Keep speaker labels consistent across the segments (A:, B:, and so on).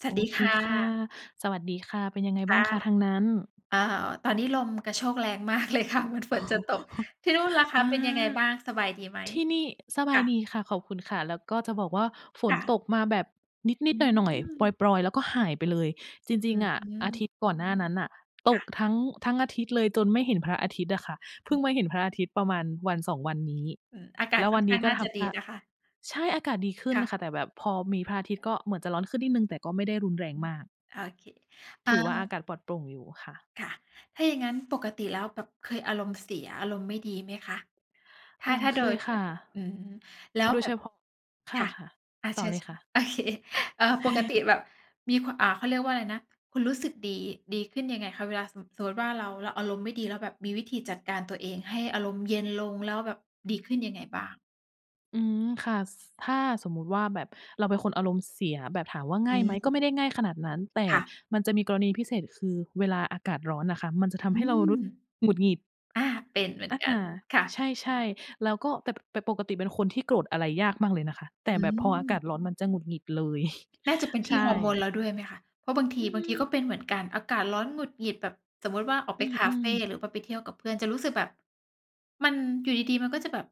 A: ส
B: โ
A: ว
B: อ
A: ัสดี
B: เค
A: ค่
B: ค่ะ
A: ะ
B: สวัสดีค่ะ เป็นยังไง
A: ค
B: บ้
A: ่
B: าง
A: ะ
B: คะ? ทางนั้น
A: อา ตอนนี้ลมกระโชกแรงมาก เลยค่ะ เหมือนฝนจะตก ที่นู่นล่ะค
B: อ
A: ะ
B: า
A: เป็นยังไงบ้าง สบายดีไหม?
B: ที่นี่ สบ
A: ค
B: า
A: ่
B: ยด
A: ะ
B: ีค่ะ ขอบคุณค่ะ แล้วก็จะบอกว่าฝ
A: ค
B: น
A: ่ะ
B: ตกมาแบบน
A: อ
B: ิด
A: ื
B: ๆ หน่อย ๆ ป
A: ม
B: รอย ๆ แล้วก็หายไปเลย จร
A: อ
B: ิ
A: ื
B: ง ๆ อะ อาท
A: ม
B: ิตย์ก่อนหน้านั้นน่ะต
A: ค่
B: ก
A: ะ
B: ทั้ง ทั้งอาทิตย์เลยจนไม่เห็นพระอาทิตย์อะค่ะ เพ
A: อ
B: ิ่
A: ื
B: งมาเห็นพระอา
A: ม
B: ทิตย์ประมาณวัน 2 วันนี้
A: อืม อาก
B: แ
A: า
B: ล
A: ศ
B: ้ว
A: ค
B: ว
A: ่อ
B: ั
A: น
B: น
A: ข
B: นี
A: ้า
B: ้
A: ง
B: ก็
A: น่า
B: ท
A: จะ
B: ำ
A: ด
B: ท
A: ี
B: ่า
A: นะคะ
B: ใช่ อากาศดีขึ้
A: ค
B: น
A: ่ะ
B: ค่ะ แต่แบบพอมีพระอาทิตย์ก็เหมือนจะร้อนขึ้นนิดหนึ่ง แต่ก็ไม่ได้รุนแรง
A: อืม
B: มาก
A: โอเค เอ
B: ถ
A: ่
B: ือว่า อ
A: อ
B: ากาศปลอดโปร่งอยู่ค่ะ
A: ค่ะ ถ้าอย่างงั้นปกติแล้วแบบเคยอารมณ์เสียอารมณ์ไม่ดีไหมคะ ถ
B: เอ
A: ้
B: อ
A: า ถ้า
B: เ
A: โ
B: ค
A: ดย
B: ย
A: พ
B: ค่ะ
A: อืม แล้ว
B: โดย
A: แบ
B: เฉ
A: บ
B: พาะ ค
A: ค่ะ
B: ่ะ
A: อา
B: ๆ ต่
A: เช
B: อ
A: ิ
B: เล
A: ญ
B: ยค่ะ
A: ๆ โอเค เออ ปกติแบบมีความ อ่า เขาเรียกว่าอะไรนะ คุณรู้สึกดี ดีขึ้นยังไงคะ เวลาสม สมมุติว่า เรา เราอารมณ์ไม่ดี แล้วแบบมีวิธีจัดการตัวเองให้อารมณ์เย็นลง แล้วแบบดีขึ้นยังไงบ้าง?
B: อืม ค่ะ ส ถ้าสมมุติว่าแบบเราเป็นคนอารมณ์เสียแบบถามว่าง
A: อ
B: ่าย
A: ื
B: ไหม ก็ไ
A: ม
B: ม่ได้ง่ายขนาดนั้น แต่
A: ค่ะ
B: มันจะมีกรณีพิเศษ คือเวลาอากาศร้อนน่ะค่ะ มันจะ
A: อื
B: ทำให้เรา
A: ม
B: รู้สึกหงุดหงิด
A: อา เป็นเหมือ
B: อ
A: น
B: า
A: กัน ค่
B: ใช
A: ะ
B: ่ ๆ แล้วก็ แต่ปก แต่ปกติเป็นคนที่โกรธอะไรยากมากเลยนะคะ แต
A: อ
B: ่แบบพออากา
A: ืม
B: ศร้อนมันจะหงุดหงิดเลย
A: น่าจะเป็น
B: ใ
A: ท
B: ช
A: ี่
B: ่
A: ฮอร์โมนเราด้วยไหมคะ เพราะบางท
B: อ
A: ี
B: ื
A: บางทีก็
B: ม
A: เป็นเหมือนกันอากาศร้อนหงุดหงิดแบบ สมมุติว่า ออก
B: อ
A: ไป
B: ื
A: คาเฟ
B: ม ๆ
A: หรือว่าไปเที่ยวกับเพื่อน จะรู้สึกแบบมัน อยู่ดี ๆ มันก็จะแบบ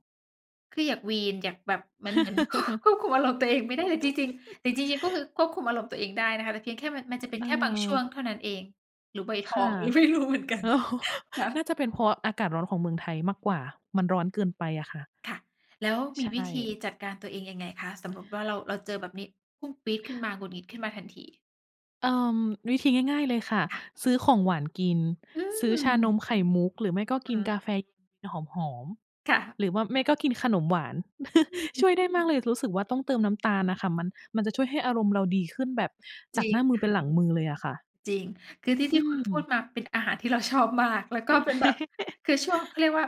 A: คืออยากวีน อยากแบบ เหมือน เหมือน ค ควบคุมอารมณ์ตัวเองไม่ได้ แต่จริง ๆ แต่จริง ๆ ก็คือควบคุมอารมณ์ตัวเองได้นะคะ แต่เพียงแค่มัน มันจ
B: อ
A: ะเป็นแค่บางช่วง
B: เออ
A: เท่านั้นเอง หรือวัยท
B: ค
A: อ
B: ่
A: ง
B: ะ
A: ไม่รู้เหมือนกัน ค่
B: น
A: ะ
B: ่าจะเป็นเพราะอากาศร้อนของเมืองไทยมากกว่า มันร้อนเกินไปอะค่ะ
A: ค่ะ แล้ว
B: ใ
A: ม
B: ช
A: ีวิธี
B: ่
A: จัดการตัวเองยังไงคะ? สมมุติว่า เรา เราเจอแบบนี้ พุ่งปรี๊ดขึ้นมา หงุดหงิดขึ้นมาทันที
B: เอ่อ วิธีง่าย ๆ เลยค่ะ
A: ค่ะ
B: ซื้อของหวานกิน
A: อื
B: ซื้อชาน
A: ม
B: มไข่มุก หรือไม่ก็ก
A: อื
B: ิน
A: อ
B: กา
A: ฮ
B: แฟ
A: ึ
B: เย็นหอม
A: ค่ะ
B: ๆ หรือว่า ไม่ก็กินขนมหวาน
A: อ
B: ช
A: ืม
B: ่วยได้มากเลย รู้สึกว่าต้องเติมน้ำตาลน่ะค่ะ มัน มันจะช่วยให้อารมณ์เราดีขึ้นแบบ
A: จ
B: จา
A: ร
B: ก
A: ิ
B: ห
A: ง
B: น้ามื
A: ค
B: อ
A: ่
B: เป
A: ะ
B: ็นหลังมือเลยอะค่ะ
A: จริง คือที่
B: อื
A: ที่คุณพู
B: ม
A: ดมาเป็นอาหารที่เรา ชอบมาก แล้วก็เป็นแบบ คือช่วงเขาเรียกว่า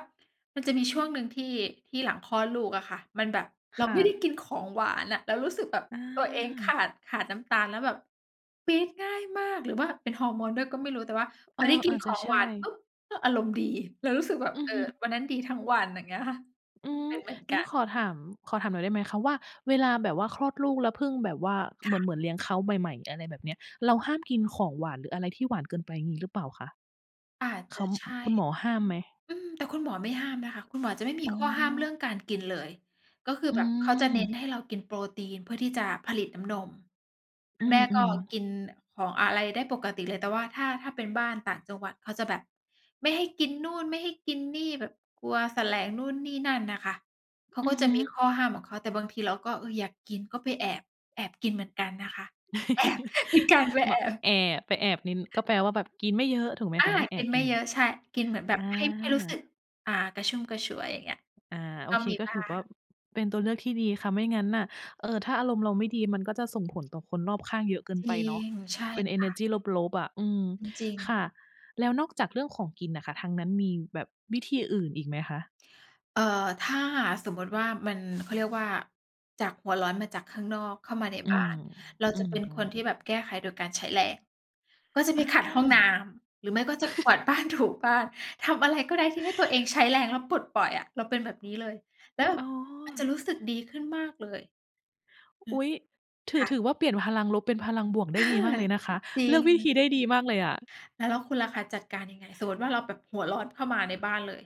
A: มันจะมีช่วงหนึ่งที่ ที่หลังคลอดลูกอะค่ะ มันแบบเ
B: ค
A: รา
B: ่
A: ไม่ได้
B: ะ
A: กินของหวานอะ เรารู้สึกแบบตัวเองข
B: อา
A: าด ขาดน้ำตาลแล้วแบบ ปี๊ดง่ายมาก หรือว่าเป็นฮอร์โมนด้วยก็ไม่รู้ แต่ว่า
B: เ
A: พ
B: ออ
A: อที่ก
B: อ
A: ิน
B: าจ
A: ข
B: จะ
A: อง
B: ใช
A: ห
B: ่
A: วานปุ๊บ ก็อารมณ์ดี เรารู้สึกแบบ
B: อื
A: เ
B: อ
A: ออ
B: ฮึ
A: วันนั้นดีทั้งวัน อย่างเงี้ยค่ะ
B: อื
A: เ
B: ม
A: ป็นเหมือน
B: งั
A: ก
B: ้
A: ั
B: น
A: น
B: ขอถาม ขอถามหน่อยได้ไหมคะว่า เวลาแบบว่าคลอดลูกแล้วเพิ่งแบบว่า
A: ค
B: เหม
A: ่
B: ือน
A: ะ
B: เหมือนเลี้ยงเขาใหม่ ๆ อะไรแบบนี้ เรา
A: อ
B: ห
A: ื
B: ้
A: อ
B: ามกินของหวาน หรืออะไรที่หวานเกินไปมีหรือเปล่าคะ?
A: อาจ
B: เ
A: จ
B: ข
A: ะ
B: า
A: ใช่
B: คุณหมอห้ามไหม?
A: อืม แต่คุณหมอไม่ห้ามนะคะ คุณหมอจะไม่มี
B: อ๋
A: ข้อห้ามเรื่อ
B: อ
A: งการกินเลย ก็คือ
B: อื
A: แบบเขาจะเ
B: ม
A: น้นให้เรากินโปรตีน เพื่อที่จะผลิตน้ำนม ค
B: อ
A: ุ
B: ื
A: ณแม่ก็
B: ม
A: ก
B: ๆ
A: ินของอะไรได้ปกติเลย แต่ว่าถ้า ถ้าเป็นบ้านต่างจังหวัด เขาจะแบบไม่ให้กินนู่น ไม่ให้กินนี่ แบบกลัวแสลงนู่นนี่นั่นน่ะค่ะ เขา
B: อ
A: ก
B: ื
A: ็
B: อฮ
A: จะ
B: ึ
A: มีข้อห้ามของเขา แต่บางทีเราก็อยากกินก็ไปแอบ แอบกินเหมือนกันนะคะ แอบ มีการไป
B: ม
A: แอบ
B: แอบไปแอบกิน ก็แปลว่าแบบกินไม่เยอะถูกไหม
A: อา
B: คะ? ถ้าแอ
A: กิ
B: บ
A: นไ
B: ก
A: ม
B: ิ
A: ่
B: น
A: เยอะ ใช่ กินเหมือนแบ
B: อ
A: บ
B: า
A: ให้ ให้รู้สึก อ่า กระชุ่มกระชวย อย่างเงี้ย
B: อา โอ
A: ก็
B: เค
A: มี
B: ก็
A: บ
B: ถ
A: ้า
B: ือว
A: ง
B: ่า เป็นตัวเลือกที่ดีค่ะ ไม่งั้นน่ะ เออ ถ้าอารมณ์เราไม่ดี มันก็จะส่งผลต่อคนรอบข้างเยอะเกิน
A: จร
B: ไป
A: ิ
B: เนาะ
A: ง ใช่
B: เป็นเอ
A: ค
B: เน
A: ่
B: อร์
A: ะ
B: จีลบ ๆ อะ อืม
A: จริง
B: ค
A: ๆ
B: ่ะ แล้วนอกจากเรื่องของกินน่ะค่ะ ทางนั้นมีแบบวิธีอื่นอีกไหมคะ?
A: เออ ถ้าสมมุติว่ามัน เขาเรียกว่า จากหัวร้อนมาจากข้างนอก เข้ามาใน
B: อื
A: บ้า
B: ม
A: น เรา
B: อื
A: จะเป็นค
B: ม
A: นที่
B: ๆ
A: แบบแก้ไขโดยการใช้แรง ก็จะไป
B: อ
A: ขัดห้องน้
B: า
A: ำ หรือไม่ก็จะกวาดบ้าน ถูบ้าน ทำอะไรก็ได้ที่ให้ตัวเองใช้แรงแล้วปลดปล่อยอะ เราเป็นแบบนี้เลย แล้วแบ
B: อ
A: บ
B: ๋อ
A: มันจะรู้สึกดีขึ้นมากเลย อื
B: อ
A: ม
B: ุ๊ย! ถื
A: ค
B: อ
A: ่
B: ถ
A: ะ
B: ือว่าเปลี่ยนพลังลบ เป็นพลังบวกได
A: อ
B: ้
A: า
B: ดีมากเลยนะคะ
A: จริ
B: เลือกวิธ
A: ง
B: ีได้ดีมากเลยอะ
A: แล้ว แล้วคุณล่ะคะ จัดการยังไง? สมมุติว่าเราแบบ หัวร้อนเข้ามาในบ้านเลย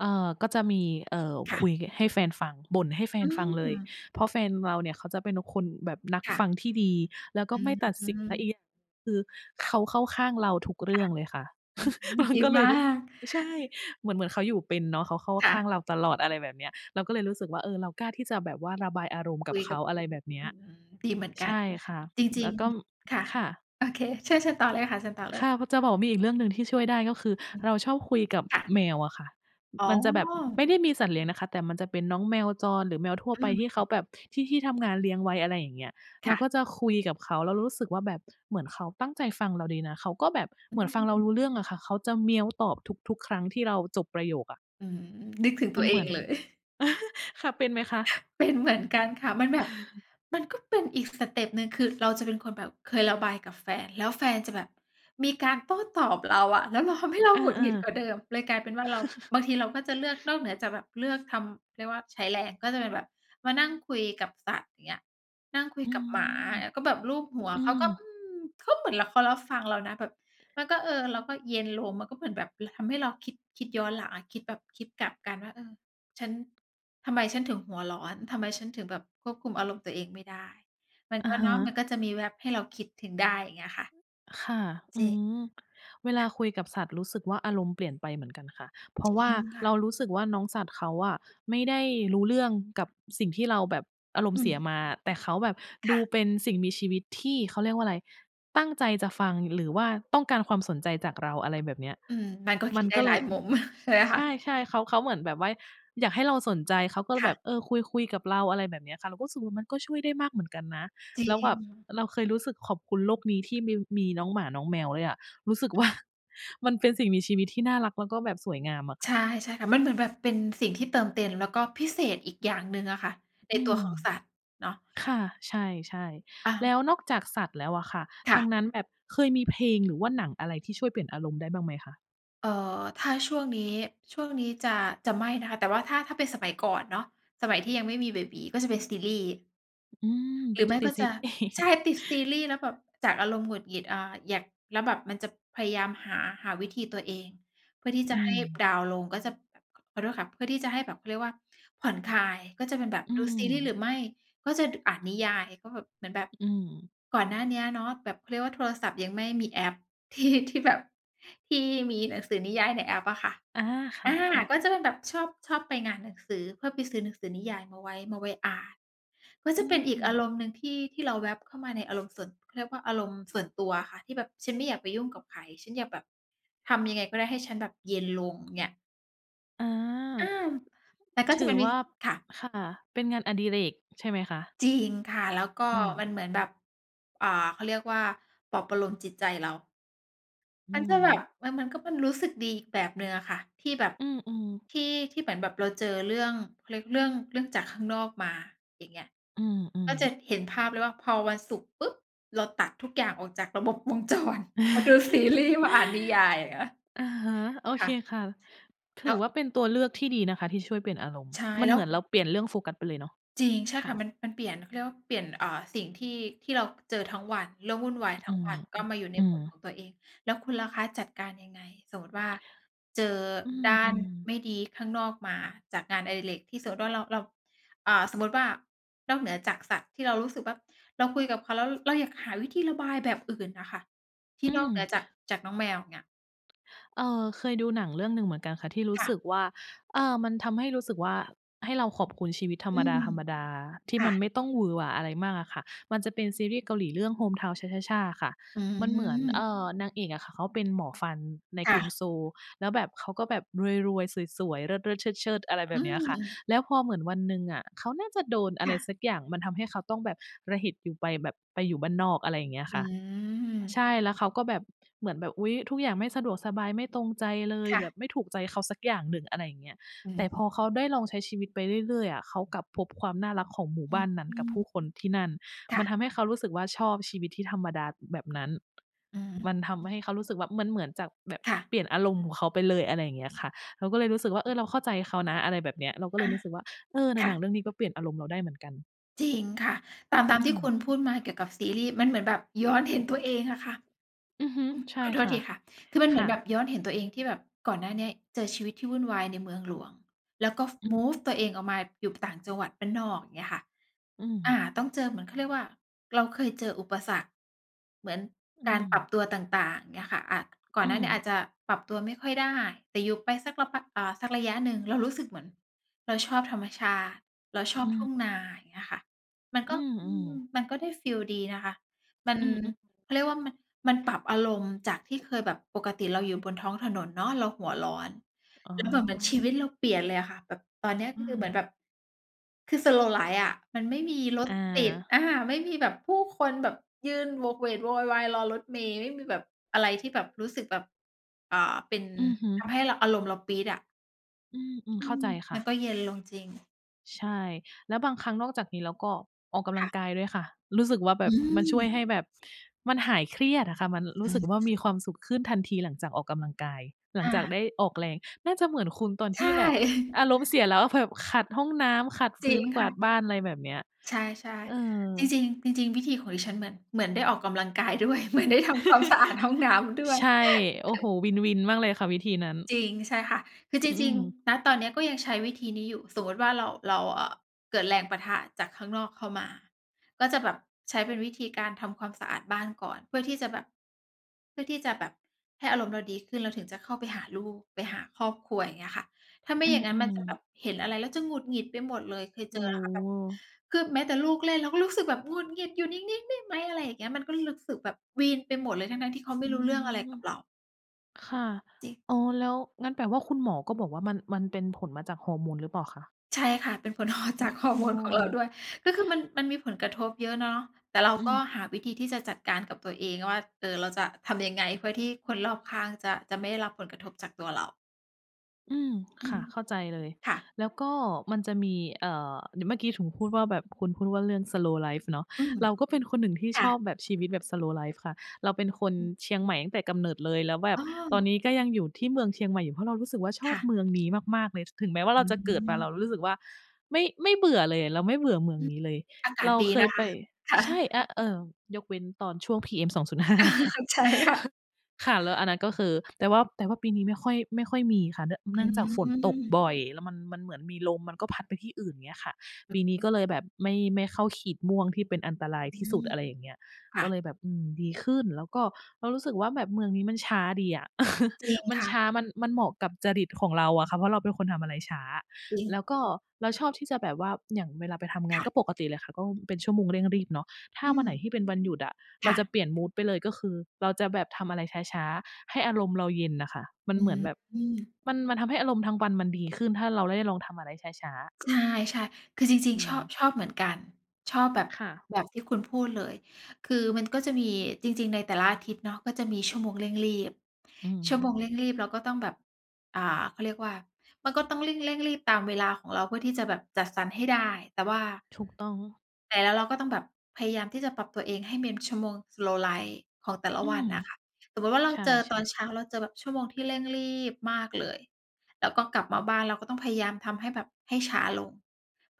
B: เออ ก็จะมี เออ
A: ค่
B: ค
A: ะ
B: ุยให้แฟนฟัง บ่นให้แฟ
A: อื
B: นฟังเลย
A: ม
B: เพราะแฟนเราเนี่ย เขาจะเป็นคนแบบนัก
A: ค่
B: ฟั
A: ะ
B: งที่ดี แล้วก
A: อ
B: ็
A: ื
B: ไม่ตัดสิน แล้วอ
A: ม
B: ีกอย่าง คือเขาเข้าข้างเราทุกเร
A: ค
B: ื่
A: ่ะ
B: องเลยค่ะ
A: อืม
B: มั
A: ด
B: น
A: ี
B: ก็เล
A: ม
B: ย
A: า
B: รู้สึก
A: ก
B: ใช่ เหมือน เหมือนเขาอยู่เป็นเนาะ เขาเข้า
A: ค่
B: ข้าง
A: ะ
B: เราตลอด อะไรแบบเนี้ย เราก็เลยรู้สึกว่า เออ เรากล้าที่จะแบบว่าระบายอารมณ์ก
A: ค
B: ั
A: ุ
B: บ
A: ย
B: เข
A: กั
B: า
A: บ
B: อะไรแบบเนี
A: อ
B: ้
A: ื
B: ย
A: ม ดีเหมือนก
B: ใ
A: ั
B: ช
A: น
B: ่ค่ะ
A: จร
B: แล
A: ิง
B: ้วก็
A: ๆ ค่ะ
B: ค่ะ
A: โอเค เชิญ เชิญต่อเลยค่ะ เชิญต่อเล
B: ค
A: ย
B: ่ะ จะบอกว่า มีอีกเรื่องหนึ่งที่ช่วยได้ก็คือเราชอบคุยกับ
A: ค่ะ
B: แมวอะค่ะ
A: อ๋
B: มันจะแบบไ
A: อ
B: ม่ได้มีสัตว์เลี้ยงนะคะ แต่มันจะเป็นน้องแมวจร หรือแมวทั่ว
A: อ
B: ไ
A: ื
B: ป ที่เขา
A: ม
B: แบบ ที่ ที่ทำงานเลี้ยงไว้ อะไรอย่างเงี้ย เ
A: ค
B: รา
A: ่
B: ก
A: ะ
B: ็จะคุยกับเขาแล้วรู้สึกว่าแบบเหมือนเขาตั้งใจฟังเราดีนะ เขาก็แบบ
A: อ
B: เ
A: ื
B: หมือนฟังเรา
A: ม
B: รู้เรื่องอะค่ะ เขาจะเหมียวตอบทุก ๆ ครั้งที่เราจบประโยคอะ
A: อืม นึกถึง
B: ม
A: ตั
B: ัน
A: วเอ
B: เหมื
A: ง
B: อน
A: เลย
B: ค่ะ เป็นไหมคะ?
A: เป็นเหมือนกันค่ะ มันแบบ มันก็เป็นอีกสเต็ปหนึ่ง คือเราจะเป็นคนแบบเคยระบายกับแฟน แล้วแฟนจะแบบมีการโต้ตอบเราอะ แล้วมันทำให้เรา
B: เออ
A: หงุดหงิดกว่าเดิม เลยกลายเป็นว
B: ๆ
A: ่าเรา บางทีเราก็จะเลือกนอกเหนือจาก แบบเลือกทำ เรียกว่าใช้แรง ก็เป็นแบบ มานั่งคุยกับสัตว์ อย่างเงี้ย นั่งคุย
B: อื
A: กับหมา
B: ม
A: แล้วก็แบบลูบหัว
B: อื
A: เขา
B: ม
A: ก็ อืม เขาก็เหมือนเขารับฟังเรานะ แบบมันก็ เออ เราก็เย็นลงมันก็เหมือนแบบทำให้เราคิด คิดย้อนหลัง คิดแบบคิดกลับกันว่า เออ ฉัน ทำไมฉันถึงหัวร้อน ทำไมฉันถึงแบบควบคุมอารมณ์ตัวเองไม่ได้ มัน
B: อ
A: ก
B: ะ
A: ็
B: ฮ
A: เนาะ มัน
B: ะ
A: ก็จะมีแว็บให้เราคิดถึงได้ อย่างเงี้ยค่ะ
B: ค่ะ อ
A: จร
B: ื
A: ิง
B: ม เวลาคุยกับสัตว์รู้สึกว่า อารมณ์เปลี่ยนไปเหมือนกันค่ะ เพรา
A: จ
B: ะ
A: ร
B: ว่
A: ิ
B: า
A: งค่
B: เ
A: ะ
B: รารู้สึกว่าน้องสัตว์เขาอะ ไม่ได้รู้เรื่องกับสิ่งที่เราแบบอารม
A: อ
B: ณ์
A: ื
B: เสีย
A: ม
B: มา แต่เขาแบบ
A: ค
B: ดู
A: ่ะ
B: เป็นสิ่งมีชีวิตที่เขา เรียกว่าอะไร ตั้งใจจะฟัง หรือว่าต้องการความสนใจจากเรา อะไรแบบเนี้ย
A: อืม มันก็
B: ม
A: ค
B: ั
A: ิด
B: น
A: ได้
B: ก็เ
A: ห
B: ล
A: ลาย
B: ย
A: มุม ใช่ไหมค
B: ใช
A: ะ
B: ่ ๆ เขา เขาเหมือนแบบว่า อยากให้เราสนใจเขาก็เล
A: ค
B: ย
A: ่
B: แบ
A: ะ
B: บ เออ คุย-คุยกับเรา อะไรแบบนี้ค่ะ เราก็รู้สึกว่า มันก็ช่วยได้มากเหมือนกันนะ
A: จริ
B: แล้วแบบ
A: ง
B: เราเคยรู้สึกขอบคุณโลกนี้ที่มี- มีน้องหมาน้องแมวเลยอะ รู้สึก
A: อื
B: ว
A: อ
B: ่า
A: ฮึ
B: มันเป็นสิ่งมีชีวิตที่น่ารักแล้วก็แบบสวยงามอะค
A: ใ
B: ่
A: ช
B: ะ
A: ่ ๆ ค่ะ มันเหมือนแบบเป็นสิ่งที่เติมเต็ม แล้วก็พิเศษอีกอย่างหนึ่งอะค่ะ ใน
B: อื
A: ตัว
B: ม
A: ของสัตว์เนาะ
B: ค่ะ ใช่
A: อ
B: ๆ
A: า
B: แล้วนอกจากสัตว์แล้วอะค่ะ
A: ค
B: ท
A: ่
B: า
A: ะ
B: งนั้นแบบเคยมีเพลง หรือว่าหนังอะไรที่ช่วยเปลี่ยนอารมณ์ได้บ้างไหมคะ?
A: เออ ถ้าช่วงนี้ ช่วงนี้จะ จะไม่นะคะ แต่ว่าถ้า ถ้าเป็นสมัยก่อนเนาะ สมัยที่ยังไม่มีเบบี๋ ก็จะเป็นซีรีส์
B: อืม
A: หรือ
B: จ
A: ไม
B: ะ
A: ่
B: ติ
A: ก
B: ด
A: ็
B: ซี
A: จ
B: ร
A: ะ
B: ีส
A: ใช
B: ์
A: ่ ติดซีรีส์ แล้วแบบจากอารมณ์หงุดหงิด อา อยาก แล้วแบบมันจะพยายามหา หาวิธีตัวเอง เพื่อที่จ
B: อ
A: ะ
B: ื
A: ให้
B: ม
A: ดาวน์ลง ก็จะแบบ ขอโทษค่ะ เพื่อที่จะให้แบบเขาเรียกว่า ผ่อนคลาย ก็จะเป็นแบบ
B: อื
A: ดูซีรีส
B: ม
A: ์ หรือไม่ก็จะอ่านนิยาย ก็เหมือนแบบ
B: อืม
A: ก่อนหน้านี้เนาะ แบบเขาเรียกว่าโทรศัพท์ยังไม่มีแอป ที่ ที่แบบ ที่มีหนังสือนิยายในแอปอะค่ะ
B: อา ค
A: อา
B: ่ะ
A: ก
B: ๆ
A: ็จะเป็นแบบชอบ ชอบไปงานหนังสือ เพื่อไปซื้อหนังสือนิยายมาไว้ มาไว้อ่าน ก็
B: อื
A: เป็นอีกอา
B: ม
A: รมณ์หนึ่ง ที่ ที่เราแวบเข้ามาในอารมณ์ส่วน เขาเรียกว่าอารมณ์ส่วนตัวอะค่ะ ที่แบบฉันไม่อยากไปยุ่งกับใคร ฉันอยากแบบ ทำยังไงก็ได้? ให้ฉันแบบเย็นลงเงี้ย
B: อา
A: อา แต่ก็
B: ถ
A: จะ
B: ื
A: เป
B: อ
A: ็น ว
B: ว
A: ิ
B: ่า
A: ค่ะ
B: ค่ะ เป็นงานอดิเรก ใช่ไหมคะ
A: จริงค่ะ แล้วก็
B: อื
A: มั
B: ม
A: นเหมือนแบบ อ่า เขาเรียกว่า ปลอบประโลมจิตใจเรา
B: อื
A: มันจะแบบ
B: ม
A: มัน มันก็เป็นรู้สึกดีอีกแบบหนึ่งอะค่ะ ที่แบบ
B: อืม ๆ
A: ที่ ที่เหมือนแบบเราเจอเรื่อง เขาเรียก เรื่อ เรื่องจากข้างนอกมา อย่างเงี้ย
B: อื
A: ก็
B: ม
A: จะ
B: ๆ
A: เห็นภาพเลยว่า พอวันศุกร์ปุ๊บ! เราตัดทุกอย่างออกจากระบบ วงจรมาดูซีรีส์ มาอ่านนิยายอย่างเงี้ย
B: อะฮะ โอ
A: ค
B: เค
A: ่ะ
B: ค่ะ ถ
A: แล
B: ื
A: ้
B: อ
A: ว
B: ว่าเป็นตัวเลือกที่ดีนะคะ ที่ช่วยเปลี่ยนอารมณ์
A: ใช่
B: มัน
A: แล
B: เ
A: ้
B: หมื
A: ว
B: อนเราเปลี่ยนเรื่องโฟกัสไปเลยเนาะ
A: จริง ใช่
B: ค
A: ค
B: ่
A: ่
B: ะ
A: ะ มัน มันเปลี่ยน เขาเรียกว่าเปลี่ยน เออ สิ่งที่ ที่เราเจอทั้งวัน เรื่องวุ่นวายท
B: อื
A: ั้ง
B: ม
A: วันก็มาอยู่ใน
B: อื
A: บ
B: ม
A: ทของตัวเอง แล้วคุณล่ะคะจัดการยังไง? สมมติว่าเจอ
B: อื
A: ด้าน
B: ม ๆ
A: ไม่ดีข้างนอกมาจากงานอดิเรก ที่สมมุติว่าเรา เรา อา สมมุติว่านอกเหนือจากสัตว์ที่เรารู้สึกว่า เราคุยกับเขา แล้วเราอยากหาวิธีระบายแบบอื่นน่ะค่ะ ที่
B: อื
A: นอก
B: ม
A: เหนือจาก จากน้องแมวเงี้ย
B: เออ เคยดูหนังเรื่องหนึ่งเหมือนกันค่ะ ที่รู้
A: ค่
B: ส
A: ะ
B: ึกว่า เออ มันทำให้รู้สึกว่า ให้เราขอบคุณชีวิตธร
A: อืม
B: รมดา ๆ ที
A: ค
B: ่
A: ่
B: มัน
A: ะ
B: ไม่ต้องหวือหวา อะไรมากอะค่ะ มันจะเป็นซีรีส์เกาหลีเรื่อง Hometown cha cha cha ค่ะ
A: อื
B: มันเหมือน เอ
A: ม
B: ่อ นางเอกอะค่ะ เขาเป็นหมอฟันใน
A: ค
B: ก
A: ่
B: รุง
A: ะ
B: Seoul แล้วแบบเขาก็แบบรวย ๆ สวย ๆ เลิศ ๆ เชิด ๆ อะไรแบ
A: อื
B: บนี้ค่ะ
A: ม
B: แล้วพอเหมือนวันหนึ่งอะ เขาน่าจะโดน อะ
A: ค
B: ไร
A: ่ะ
B: สักอย่าง มันทำให้เขาต้องแบบ ระเห็จอยู่ไปแบบ ไปอยู่บ้านนอก อะไรอย่างเงี้ย
A: อ
B: ค่ะ
A: ืม
B: ใช่แล้วเขาก็แบบ เหมือนแบบ อุ๊ย ทุกอย่างไม่สะดวกสบายไม่ตรงใจเลย
A: ค่
B: แบ
A: ะ
B: บไม่ถูกใจเขาสักอย่างหนึ่ง อะไรอย่างเงี้ย
A: อื
B: แต่พ
A: ม
B: อเขาได้ลองใช้ชีวิตไปเรื่อย ๆ อะ เขากลับพบความน่ารักของหมู่บ้านนั้น
A: อื
B: กับผู้
A: อ
B: คนที่นั่น
A: ค
B: ม
A: ่
B: ั
A: ะ
B: นทำให้เขารู้สึกว่า ชอบชีวิตที่ธรรมดาแบบนั้น
A: อื
B: มันท
A: ม
B: ำให้เขารู้สึกว่า ม มันเหมือนจากแบบ
A: ค่ะ
B: เปลี่ยนอารมณ์ของเขาไปเลย อะไรอย่างเงี้ยค่ะ เราก็เลยรู้สึกว่า เออ เราเข้าใจเขานะ อะไรแบบนี้ เราก็เ
A: อ
B: ล
A: ะ
B: ยรู้สึกว่า เออ หนั
A: ค
B: ง
A: ่
B: หนัง
A: ะ
B: เรื่องเนี้ย ก็เปลี่ยนอารมณ์เราได้เหมือนกัน
A: จริงค่ะ ตาม
B: อ
A: ต
B: ื
A: ามท
B: ม
A: ี่คุณพูดมาเกี่ยวกับซีรี่ส์มันเหมือนแบบย้อนเห็นตัวเองอะค่ะ
B: อือฮึ
A: อ
B: ใช่
A: ขอโท
B: ค
A: ษ
B: ่ะ
A: ทีค่ะ คือมันเ
B: ค
A: หมื
B: ่
A: อนแบ
B: ะ
A: บย้อนเห็นตัวเองที่แบบ ก่อนหน้าเนี้ย เจอชีวิตที่วุ่นวายในเมืองหลวง แล้วก็ ฟ
B: อือ
A: มูฟตัวเองออกมาอยู่ต่างจังหวัดบ้านนอกอย่างเงี้ยค่ะ
B: อื
A: อ
B: ม
A: า ต้องเจอเหมือนเขาเรียกว่า เราเคยเจออุปสรรค เหมือน
B: อื
A: การปรับ
B: ม
A: ตัวต่าง ๆ อย่างเงี้ยค่ะ อ่า ก่อ
B: อ
A: นห
B: ื
A: น้าเนี้ยอาจ
B: ม
A: จะปรับตัวไม่ค่อยได้ แต่อยู่ไปสัก ล พัก สักระยะหนึ่ง เรารู้สึกเหมือนเราชอบธรรมชาติ เราช
B: อ
A: อ
B: ื
A: บทุ่ง
B: ม
A: นา อย่างเงี้ยค่ะ มัน
B: อ
A: ก
B: ื
A: ็
B: ม
A: อ
B: อ
A: ื
B: ืม
A: ม มันก็ได้ฟีลดีนะคะ มัน
B: อืม อ
A: เขาเรียกว่ามัน มันปรับอารมณ์จากที่เคยแบบปกติเราอยู่บนท้องถนนเนาะ เราหัวร้อน
B: อ๋
A: แ
B: อ
A: ล้วแบบเหมือนชีวิตเราเปลี่ยนเลยอะค่ะ แบบตอนเนี้ย
B: อื
A: คือเหมือ
B: ม
A: นแบบ คือสโลว์ไลฟ์อะ มันไม่มีรถ
B: อ
A: ติด
B: า
A: อา ไม่มีแบบผู้คนแบบยื่นโหวกเหวกโวยวาย รอรถเมล์ ไม่มีแบบ อะไรที่แบบรู้สึกแบบ อ่า เป็น
B: อือฮึ
A: ทำให้ อ อารมณ์เราปี๊ดอะ
B: อืม
A: อ
B: ๆ เข
A: ื
B: ้าใ
A: อ
B: จค
A: ม
B: ่
A: ัน
B: ะ
A: ก็เย็นลงจริง
B: ใช่ แล้วบางครั้งนอกจากนี้แล้วก็ออกกำล
A: ค
B: ั
A: ่
B: ง
A: ะ
B: กายด้วยค่ะ รู้สึกว่าแบ
A: อ
B: บ มันช่วย
A: ืม
B: ให้แบบมันหายเครียดอะค่ะ มันรู
A: อ
B: ้
A: ื
B: ส
A: อ
B: ึ
A: ฮ
B: ก
A: ึ
B: ว่ามีความสุขขึ้นทันทีหลังจากออกกำลังกาย หลั
A: อ
B: ง
A: า
B: จากได้ออกแรง น่าจะเหมือนคุณตอน
A: ใ
B: ท
A: ช
B: ี
A: ่
B: ่แบบอารมณ์เสีย แล้วแบบขัดห้องน้ำ ขัด ฟ
A: จร
B: ื
A: ิ
B: ้
A: ง
B: น ก
A: ค
B: ว
A: ่
B: าด
A: ะ
B: บ้าน อะไรแบบเนี้ย
A: ใช่
B: เออ
A: ๆ จริง ๆ จริง ๆ วิธีของดิฉันเหมือน เหมือนได้ออกกำลังกาย ด้วย เหมือนได้ทำความสะอาดห้องน้ำด้วย
B: ใช่ โอ้โฮ win win มากเลยค่ะ วิธีนั้น
A: จริง ใช่ค่ะ คือจ
B: อ อื
A: ริง
B: ม
A: ๆ ณ ตอนเนี้ยก็ยังใช้วิธีนี้อยู่ สมมติว่าเรา เรา อ่า เกิดแรงปะทะจากข้างนอกเข้ามา ก็จะแบบใช้เป็นวิธีการทำความสะอาดบ้านก่อน เพื่อที่จะแบบ เพื่อที่จะแบบให้อารมณ์เราดีขึ้น แล้วถึงจะเข้าไปหาลูก ไปหาครอบครัว อย่างเงี้ยค่ะ ถ้าไม
B: อ
A: ่
B: ื
A: อย่างงั้นมัน
B: อ
A: จะแบ
B: ๆ
A: บเห็นอะไรแล้วจะหงุดหงิดไปหมดเลย เคย
B: โ
A: เ
B: อ
A: จ
B: ้
A: อแล้วค่ะ แบบ
B: โฮ
A: คือแม้แต่ลูกเล่น เราก็รู้สึกแบบ "หงุดหงิด อยู่นิ่ง ๆ ได้ไหม?" อะไรอย่างเงี้ย มันก็รู้สึกแบบวีนไปหมดเลย ทั้ง ๆ ที่เขาไม่
B: อื
A: รู้เรื่องอะไร
B: ม
A: กับเรา
B: ค่ะ
A: จริง
B: อ๋อ แล้วงั้นแปลว่าคุณหมอก็บอกว่ามัน มันเป็นผลมาจากฮอร์โมนหรือเปล่าคะ?
A: ใช่ค่ะ เป็นผล ฮอร์
B: อ
A: จากฮอร
B: ๋
A: ์โมนของเรา
B: อ
A: ด้วย ก็คือมัน มันมีผลกระทบเยอะเนาะ แต่เรา
B: อือ
A: ก็หาวิธีที่จะจัดการกับตัวเองว่า เออ เราจะทำยังไง เพื่อที่คนรอบข้างจะ จะไม่ได้รับผลกระทบจากตัวเรา
B: อืม
A: อื
B: ค่
A: ม
B: ะ เข้าใจเลย
A: ค่ะ
B: แล้วก็มันจะมี เอ่อ ด เมื่อกี้ถึงพูดว่าแบบคุณพูดว่าเรื่องสโลว์ไลฟ์เนาะ
A: อืม
B: เราก็เป็นคนหนึ่งที่
A: ค่
B: ชอบ
A: ะ
B: แบบชีวิตแบบสโลว์ไลฟ์ค่ะ เราเป็นค
A: อือ
B: น
A: ฮึ
B: เชียงใหม่ตั้งแต่กำเนิดเลย แล้วแบ
A: อ
B: บ
A: ๋
B: ตอน
A: อ
B: นี้ก็ยังอยู่ที่เมืองเชียงใหม่อยู่ เพราะเรารู้สึกว่าช
A: ค
B: อบ
A: ่ะ
B: เมืองนี้มาก ๆ เลย ถ ถึงแม้ว่าเ
A: อ
B: ราจะเกิดมา เรา
A: ืม
B: รู้สึกว่าไม่ ไม่เบื่อเลย เราไม่เบื่อเมื
A: อ
B: อง
A: ืม
B: นี้เลย
A: อากา
B: เร
A: ศ
B: า
A: ดี
B: เค
A: น
B: ย
A: ะค
B: ไป
A: ะ ค่ะ
B: ใช่ อ เอ่อ ยกเว้นตอนช่วง PM 2.5 นะค
A: เ
B: ะ
A: ข้าใจค่ะ
B: ค่ะ แล้วอันนั้นก็คือ แต่ว่า แต่ว่าปีนี้ไม่ค่อย ไม่ค่อยมีค่ะ เนื่อง เ
A: อ
B: นื
A: ื
B: ่องจากฝนตก
A: ม
B: บ่อย แล้วมัน มันเหมือนมีลมมันก็พัดไปที่อื่น อย่างเงี้ยค่ะ ปีนี้ก็เลยแบบไม่ ไม่เข้าขีดม่วง ที่เป็นอันตราย
A: อื
B: ที่สุด
A: ม
B: อะไรอย่างเงี้ย
A: ค่
B: ก็เล
A: ะ
B: ยแบบ อืม ดีขึ้น แล้วก็เรารู้สึกว่าแบบเมืองนี้มันช้าดีอะ
A: จริง
B: มัน
A: ค่
B: ช
A: ะ
B: ้า มัน มันเหมาะกับจริตของเราอะค่ะ เพราะเราเป็นคนทำอะไรช้า
A: จริ
B: แ
A: ง
B: ล้วก็เราชอบที่จะแบบว่า อย่างเวลาไปทำงา
A: ค
B: น
A: ่ะ
B: ก็ปกติเลยค่ะ ก็เป็นชั่วโมงเร่งรีบเนาะ ถ้า
A: อื
B: วัน
A: ม
B: ไหนที่เป็นวันหยุดอะ
A: ค
B: เรา
A: ่
B: จะ
A: ะ
B: เปลี่ยนมูดไปเลย ก็คือเราจะแบบทำอะไรช้า ๆ ให้อารมณ์เราเย็นน่ะค่ะ มัน
A: อื
B: เหมือนแบบ
A: ม
B: มัน มันทำให้อารมณ์ทั้งวันมันดีขึ้น ถ้าเราได้ลองทำอะไรช้า ๆ
A: ใช่ ๆ คือจริง
B: อื
A: ๆ ชอบ
B: ม
A: ชอบเหมือนกัน ชอบแบบ
B: ค่ะ
A: แบบที่คุณพูดเลย คือมันก็จะมี จริง ๆ ในแต่ละอาทิตย์เนาะก็จะมีชั่วโมงเร่งรีบ
B: อื
A: ชั่วโ
B: ม
A: มงเร่งรีบเราก็ต้องแบบ อ่า เขาเรียกว่า มันก็ต้องเร่ง เร่งรีบตามเวลาของเราเพื่อที่จะแบบจัดสรรให้ได้ แต่ว่า
B: ถูกต้อง
A: แต่เรา เราก็ต้องแบบพยายามที่จะปรับตัวเอง ให้มี ชั่วโมงสโลว์ไลฟ์ของแต่ละ
B: อื
A: วั
B: ม
A: นน่ะค่ะ สมมุติว่าเรา
B: ใช
A: เจอต
B: ่
A: อนเ
B: ๆ
A: ช้า เราเจอแบบชั่วโมงที่เร่งรีบมากเลย แล้วก็กลับมาบ้านเราก็ต้องพยายามทำให้แบบให้ช้าลง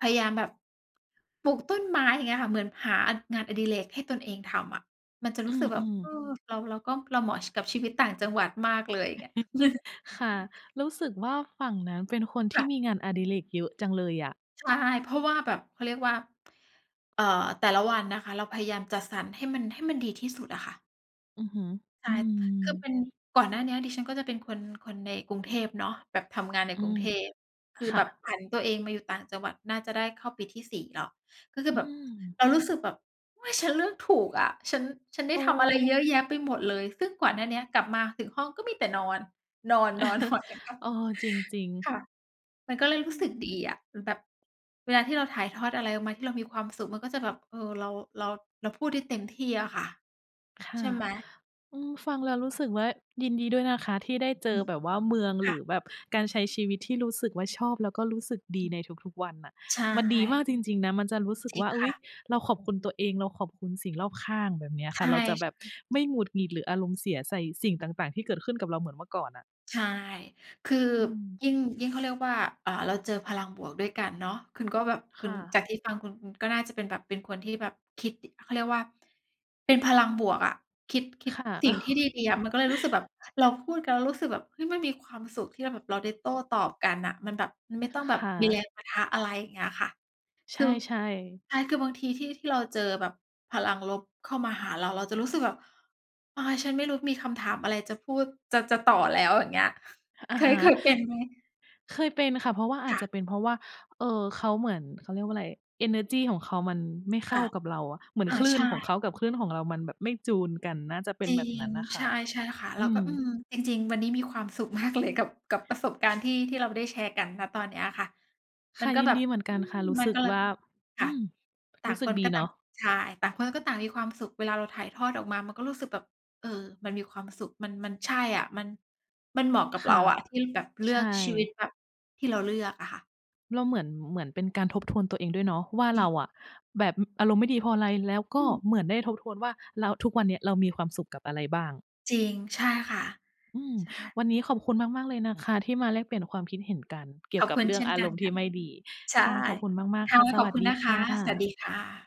A: พยายามแบบปลูกต้นไม้ อย่างเงี้ยค่ะ เหมือนหาอัน งานอดิเรกให้ตนเองทำอะ มันจะร
B: อื
A: ู้สึกแบบ
B: ม
A: เอ
B: ๆ
A: อ เรา เราก็ เราเหมาะ ช กับชีวิตต่างจังหวัดมากเลย อย่างเงี้ย
B: ค่ะ รู้สึกว่าฝั่งนั้นเป็นคน
A: ค
B: ท
A: ่
B: ี่
A: ะ
B: มีงานอดิเรกเยอะจังเลยอะ
A: ใช่ เพราะว่าแบบ เขาเรียกว่า เอ่อ แต่ละวันนะคะ เราพยายามจัดสรรให้มัน ให้มันดีที่สุดอะค่ะ
B: อือฮึ
A: ใช
B: อ
A: ่
B: ื
A: คือเ
B: ม
A: ป็น ก่อนหน้าเนี้ยดิฉันก็จะเป็นคน คนในกรุงเทพเนาะ แบบทำงานใน
B: อื
A: กรุง
B: ม
A: เทพ คือ
B: ค
A: แ
B: ่
A: บบ
B: ะ
A: ผันตัวเองมาอยู่ต่างจังหวัดน่าจะได้เข้าปีที่ 4 แล้ว ก็คือ
B: อื
A: แบบ
B: ม
A: เรารู้สึกแบบ "เฮ้ย ฉันเรื่องถูกอะ ฉัน ฉันได
B: โ
A: ้
B: อ
A: ทำอะไรเย
B: ้
A: อะแยะไปหมดเลย" ซึ่งก่อนหน้าเนี้ยกลับมาถึงห้องก็มีแต่นอน นอน ๆ
B: เออ จริง ๆ
A: [unintelligible] ค่ะ มันก็เลย
B: อื
A: รู้สึก
B: ม
A: ดีอะ อ แบบเวลาที่เราถ่ายทอดอะไรออกมาที่เรามีความสุขมันก็จะแบบ เออ เรา เรา เราพูดที่เต็มที่อะค่ะ
B: ค
A: ใ
B: ่
A: ช
B: ะ
A: ่ไหม
B: อืม ฟังแล้วรู้สึกว่า ยินดีด้วยนะคะที่ได้เจ
A: อื
B: อ
A: ม
B: แบบว่าเมือง
A: ค
B: หร
A: ่
B: ื
A: ะ
B: อแบบการใช้ชีวิตที่รู้สึกว่าชอบ แล้วก็รู้สึกด
A: อ
B: ี
A: ืม
B: ในทุก ๆ วันน่ะ
A: ใช
B: มันดีม
A: ่
B: ากจริง ๆ นะ มันจะรู้สึก
A: จริ
B: ว
A: ง
B: ่า "อ
A: ค
B: ุ๊
A: ่
B: ย
A: ะ
B: เราขอบคุณตัวเอง เราขอบคุณสิ่งรอบข้าง" แบบเนี้ย
A: ใช
B: ค่ะ เราจะแบบ
A: ่ ๆ
B: ไม่หงุดหงิด หรืออารมณ์เสียใส่สิ่งต่าง ๆ ที่เกิดขึ้นกับเราเหมือนเมื่อก่อนอะ
A: ใช่ คือ
B: อืม
A: ยิ่ง ยิ่งเขาเรียกว่า อ่า เราเจอพลังบวกด้วยกันเนาะ คุณก็แบบ ค
B: ค
A: ุ
B: ่
A: ณ
B: ะ
A: จากที่ฟังคุณคุณก็น่าจะเป็นแบบ เป็นคนที่แบบคิด ด เขาเรียกว่าเป็นพลังบวกอะ คิด คิ
B: ค
A: ด
B: ่ะ
A: สิ่งที่ดี ๆ อะ มันก็เลยรู้สึกแบบเราพูดกัน แล้วเรารู้สึกแบบ เฮ้ย มันมีความสุขที่เราแบบเราได้โต้ตอบกันน่ะ มันแบบ มัน
B: อ
A: ไม่ต้องแบ
B: ค
A: บ
B: ่
A: มีแร
B: ะ
A: งปะทะ อะไรอย่างเงี้ยค่ะ
B: ใ
A: คือ
B: ช่ ๆ
A: ใช่ คือบางทีที่ ที่เราเจอแบบพลังลบเข้ามาหาเรา เราจะรู้สึกแบบ อา ฉันไม่รู้ มีคำถามอะไรจะพูดจะ จะต่อแล้ว อย่างเงี้ย
B: อ
A: เค
B: ะฮ
A: ย เ
B: ะ
A: คยเป็นไหม?
B: เคยเป็นค่ะ เพราะว่าอา
A: ค
B: จ
A: ่
B: จ
A: ะ
B: ะเป็นเพราะว่า เออ เขาเหมือน เขาเรียกว่าอะไร เอเนอร์จีของเขามันไม่เ
A: ค
B: ข้า
A: ่ะ
B: กับเราอะ เหมือน
A: อา
B: คลื
A: ใ
B: ่
A: ช
B: น
A: ่
B: ของเขากับคลื่นของเรามันแบบไม่จูนกัน น่าจะเป็
A: จ
B: น
A: ริ
B: แบบน
A: ง
B: ั้นน่ะค
A: ใช
B: ่ะ
A: ่ ๆ ค่ะ เ
B: อ
A: รา
B: ื
A: ก็
B: ม
A: อืม จริง ๆ วันนี้มีความสุข มากเลย กับ กับประสบการณ์ที่ ที่เราได้แชร์กัน ณ ตอนเนี้ยอะค่ะ
B: ค
A: มั
B: ่ะ
A: นก็
B: ยิ
A: แ
B: น
A: บบ
B: ดีเหมือนก
A: อ
B: ั
A: ื
B: นค่
A: ม
B: ะ รู้
A: มั
B: ส
A: น
B: ึก
A: ก็เล
B: ว
A: ย
B: ่า อ
A: ค่
B: ื
A: ะ
B: ม
A: ต่
B: ร
A: า
B: ู้
A: ง
B: ส
A: ค
B: ึก
A: น
B: ด
A: ก
B: ี
A: ็
B: เ
A: ต
B: น
A: ่า
B: า
A: ง
B: ะ
A: ใช่ ต่างคนก็ต่างมีความสุข เวลาเราถ่ายทอดออกมามันก็รู้สึกแบบ เออ มันมีความสุข มัน มันใช่อะ มัน มันเหมาะกับ
B: ค
A: เร
B: ่
A: า
B: ะ
A: อะ ที่แบบเลื
B: ใช
A: อกชีวิต
B: ่
A: แบบที่เราเลือกอะค่ะ
B: เราเหมือน เหมือนเป็นการทบทวนตัวเองด้วยเนาะว่า
A: จริ
B: เร
A: ง
B: าอะแบบ อ อารมณ์ไม่ดีเพราะอะไร แล้วก
A: อ
B: ็
A: ืม
B: เหมือนได้ทบทวนว่าเรา ทุกวันเนี้ยเรามีความสุขกับอะไรบ้าง
A: จริง ใช่ค่ะ
B: อืม
A: ใช่
B: วันนี้ขอบคุณมาก ๆ เลยนะคะ ที่มาแลกเปลี่ยนความคิดเห็นกันเกี่
A: ข
B: ยว
A: อบ
B: กับ
A: คุณ
B: เรื่
A: เ
B: อ
A: ช
B: ง
A: ่น
B: อา
A: ก
B: ร
A: ัน
B: มณ์ท
A: ค
B: ี
A: ่
B: ่
A: ะ
B: ไม่ดี
A: ใช่
B: ค่ะ ขอบคุณมาก
A: ค
B: ๆ ค
A: ่
B: ่
A: ะ
B: ะ ส
A: ขอ
B: ว
A: บ
B: ั
A: ค
B: ส
A: ุณ
B: ดี
A: นะค
B: ค่
A: ะ สวัสด
B: ะ
A: ีค่ะ